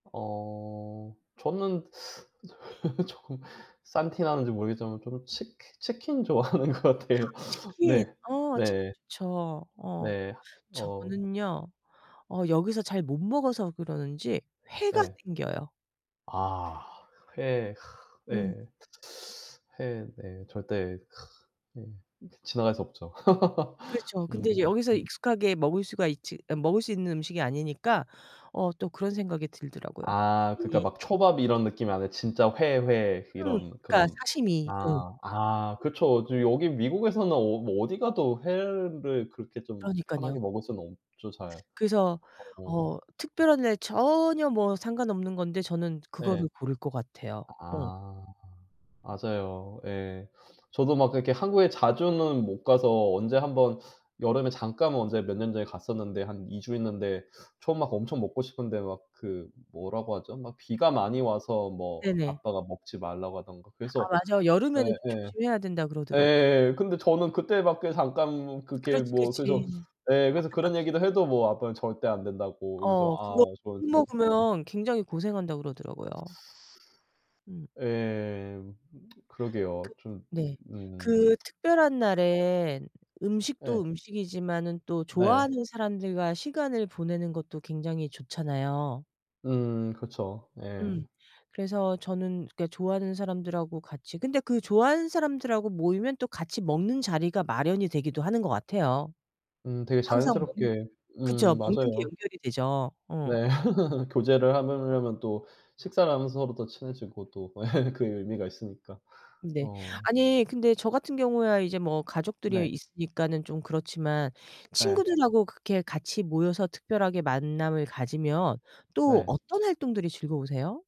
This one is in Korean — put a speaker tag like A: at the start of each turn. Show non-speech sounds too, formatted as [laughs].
A: 어. 저는 [laughs] 조금 싼티나는지 모르겠지만 저는 치키 치킨 좋아하는 것
B: 아
A: 같아요.
B: 치킨.
A: 네.
B: 어 치킨
A: 네.
B: 좋죠. 어.
A: 네. 어.
B: 저는요. 어 여기서 잘 못 먹어서 그러는지 회가
A: 네.
B: 땡겨요.
A: 아. 회.
B: 음.
A: 예. 회 네. 절대 예 지나갈 수 없죠. [laughs]
B: 그렇죠.
A: 음.
B: 근데 이제 여기서
A: 네.
B: 익숙하게 먹을 수가 있지 먹을 수 있는 음식이 아니니까 어 또 그런 생각이 들더라고요.
A: 아. 그러니까
B: 이
A: 막 초밥 이런 느낌이 아니라 진짜 회, 회
B: 음.
A: 이런
B: 그러니까
A: 그런.
B: 사시미. 예.
A: 아. 아 그쵸. 저 여기 미국에서는 어 뭐 어디가도 회를 그렇게 좀
B: 그러니깐요.
A: 편하게 먹을 수는 없죠 잘.
B: 그래서
A: 어.
B: 어 특별한 날 전혀 뭐 상관없는 건데 저는
A: 예.
B: 그거를 고를 것 같아요. 음.
A: 아. 맞아요. 예. 저도 막 그렇게 한국에 자주는 못 가서 언제 1
B: 네.
A: 번 여름에 잠깐 언제 몇 년 전에 갔었는데 한 2 주 있는데 전 막 엄청 먹고 싶은데 막 그 뭐라고 하죠 막 비가 많이 와서 뭐
B: 네네.
A: 아빠가 먹지 말라고 하던가
B: 아
A: 그래서
B: 맞아. 여름에는 좀
A: 예예.
B: 조심해야 된다 그러더라고.
A: 예. 근데 저는 그때밖에 잠깐 그게
B: 그렇지,
A: 뭐
B: 그렇지.
A: 그래서 예 그런
B: 안타깝죠.
A: 얘기도 해도 뭐 아빠는 절대 안 된다고 그래서
B: 어.
A: 아
B: 그거
A: 저한테
B: 술
A: 막
B: 먹으면 굉장히 고생한다고 그러더라고요. 음.
A: 예. [tsk]
B: 그.
A: 그러게요. 좀
B: 네. 그
A: 음.
B: 특별한
A: [tsk]
B: 날엔
A: 예.
B: 음식도 음식이지만은 또
A: 네.
B: 좋아하는 사람들과 시간을 보내는 것도 굉장히 좋잖아요.
A: 음. 그쵸. 예.
B: 음. 그래서 저는 그러니까 좋아하는 사람들하고 같이 근데 그 좋아하는 사람들하고 모이면 또 같이 먹는 자리가 마련이 되기도 하는 것 같아요.
A: 음. 되게
B: 항상 먹는
A: 자연스럽게
B: 그쵸.
A: 음
B: 먹는 게
A: 맞아요.
B: 연결이 되죠. 어.
A: 네. [laughs] 교제를 하려면 또 식사를 하면서 서로 더 친해지고 또 [laughs] 그 의미가 있으니까.
B: 네.
A: 어.
B: 아니 근데 저 같은 경우야 이제 뭐 가족들이
A: 네.
B: 있으니까는 좀 그렇지만
A: 예.
B: 친구들하고 그렇게 같이 모여서 특별하게 만남을 가지면 또
A: 네.
B: 어떤 활동들이 즐거우세요?